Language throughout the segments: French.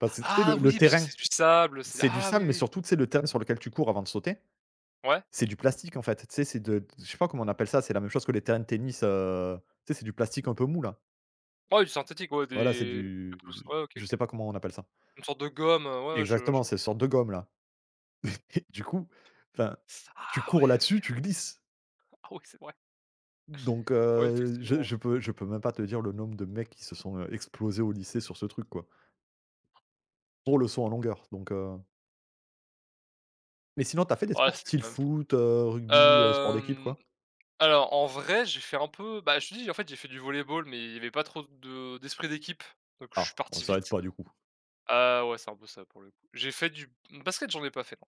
Parce que tu sais Ah le, le oui. Parce que terrain. c'est du sable, c'est. C'est du Ah! Oui, sable, mais oui. surtout, tu sais, le terrain sur lequel tu cours avant de sauter. Ouais. C'est du plastique, en fait. Tu sais, c'est de d je sais pas comment on appelle ça. C'est la même chose que les terrains de tennis, heu, tu sais, c'est du plastique un peu mou, là. Ouais, du synthétique. Ouais, Voilà, c'est des du, quelque chose, du ouais. OK, je OK. sais pas comment on appelle ça. Une sorte de gomme, heu. Ouais, ouais, je je Exactement. vois. C'est une sorte de gomme, là. Et et du coup, enfin, tu Ah, cours ouais, OK. là-dessus, tu glisses Ah ouais, c'est vrai! donc Ouais, heu, effectivement, je je ouais. peux je peux même pas te dire le nombre de mecs qui se sont, heu, explosés au lycée sur ce truc, quoi. Pour le saut en longueur, donc heu Mais sinon, tu as fait des Ouais, sports c'est style quand même fou. foot, heu, rugby, heu, sports d'équipe, Hem, quoi? alors, en vrai, j'ai fait un peu, bah, je te dis, en fait, j'ai fait du volleyball, mais il y avait pas trop de d'esprit d'équipe. Donc je suis Ah! Bon parti ça aide vite. pas, du coup. Heu, ouais, c'est un peu ça le problème. J'ai fait du basket, j'en ai pas fait, non.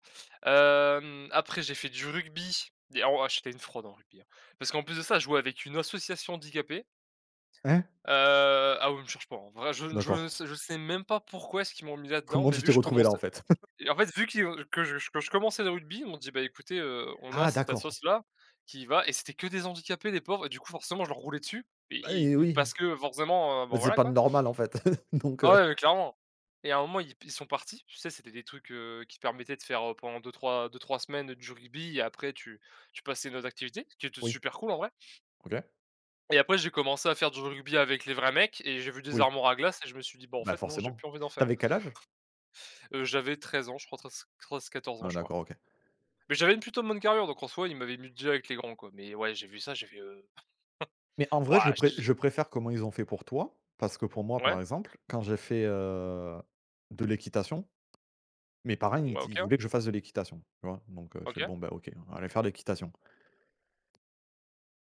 Hem, après, j'ai fait du rugby. Des ah wah! j'étais une fraude en rugby, hein. Parce qu'en plus de ça, je jouais avec une association handicapés. Hein? Heu ah oui, mais cherche pas. En vrai, je ne je ne D'accord. sais je sais même pas pourquoi est-ce qu'ils m'ont mis là-dedans? Comment Mais tu vu t'es que je retrouvé là, en commençais fait? Et en fait, vu qui que je, que je commençais le rugby, il m'ont dit: «Bah, écoutez, heu, on a Ah! cette D'accord. assoce-là, qui va» et c'était que des handicapés, les pauvres, et du coup, forcément, je leur roulais dessus. Bah, I et i oui. parce que, forcément, heu bon, Mais c'est voilà, pas, quoi. normal, en fait. Donc, heu Ah ouais, clairement. Et à un moment, ils pe ils sont partis. Tu sais, c'était des trucs, heu, qui permettaient de faire, pendant 2-3 2-3 semaines, du rugby et après tu tu passais à une autre activité. Ce qui était Oui. super cool, en vrai OK. et après, j'ai commencé à faire du rugby avec les vrais mecs. Et j'ai vu des Oui. armoires à glace et je me suis dit: «Bon, en Bah, fait non! J'ai forcément. plus envie d'en Tu faire». avais quel âge? Heu, j'avais 13 ans je crois, trei treize 14 ans, Ah je crois. d'accord, OK. Mais j'avais une plutôt bonne carrure, donc, en soi, ils m'avaient mis direct avec les grands, quoi. Mais ouais, j'ai vu ça, j'ai fait, heu Mais en vrai, je wah, j'étais pré je je préfère comment ils ont fait, pour toi. Parce que pour moi, Ouais. par exemple, quand j'ai fait, heu, de l'équitation mes parents, ils me Ouais, di ils OK. voulaient que je fasse de l'équitation, tu vois. Donc heu, je fais: OK. «Bon, ben OK. On va aller faire l'équitation».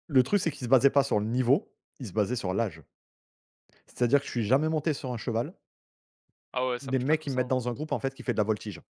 Le truc, c'est qu'ils se basaient pas sur le niveau, ils se basaient sur l'âge. C'est-à-dire que je suis jamais monté sur un cheval. Ah ouais. Ça Les marche pas mecs, comme ils me ça, mettent hein. dans un groupe, en fait, qui fait de la voltige.